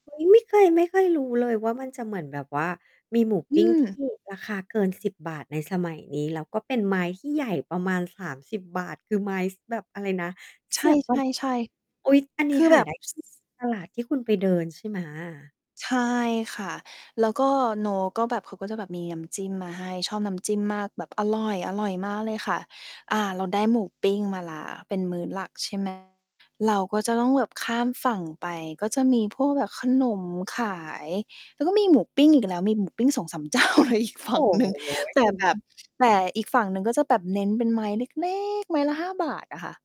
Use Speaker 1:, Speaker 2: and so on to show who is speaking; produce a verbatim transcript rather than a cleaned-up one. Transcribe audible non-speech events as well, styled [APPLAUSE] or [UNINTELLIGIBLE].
Speaker 1: เฮ้ย ไม่เคย ไม่เคยรู้เลยว่า มันจะเหมือนแบบว่ามีหมู
Speaker 2: อ
Speaker 1: ป
Speaker 2: ื
Speaker 1: ิ้ง
Speaker 2: ม
Speaker 1: ที่ ราคาเกิน สิบ บาท ในสมัยนี้ แล้วก็เป็นไม้ที่ใหญ่ประมาณ สามสิบ บาท คือไม้ ส แบบ อะไรนะ
Speaker 2: ใ
Speaker 1: เสียบ [UNINTELLIGIBLE]
Speaker 2: ช่ ๆ
Speaker 1: อุ๊ย อัน
Speaker 2: ๆ
Speaker 1: น
Speaker 2: ค
Speaker 1: ี้
Speaker 2: ือ
Speaker 1: ห
Speaker 2: แบ
Speaker 1: า
Speaker 2: บ
Speaker 1: ได้ที่ ตลาดที่คุณไปเดิน ใช่ไหม?
Speaker 2: ใช่ค่ะ แล้วก็ เนาะ ก็แบบ เขาก็จะแบบมีน้ำจิ้มมาให้ ชอบน้ำจิ้มมาก แบบอร่อย อร่อยมากเลยค่ะ อา เราได้หมูปิ้งมาแล้ว เป็นมื้อหลักใช่ ไหม เราก็จะต้องแบบข้ามฝั่งไป ก็จะมีพวกแบบขนมขาย แล้วก็มีหมูปิ้งอีกแล้ว มีหมูปิ้ง สองสาม เจ้าเลย อีกฝ
Speaker 1: โอ
Speaker 2: ั่ง
Speaker 1: ้
Speaker 2: หนึ่ง
Speaker 1: โ
Speaker 2: แต่แ
Speaker 1: ฮ
Speaker 2: บบ แต่อีกฝั่งหนึ่งก็จะแบบเน้นเป็นไม้เล็ก ๆ ไม้ละ ห้า บาทอะค่ะ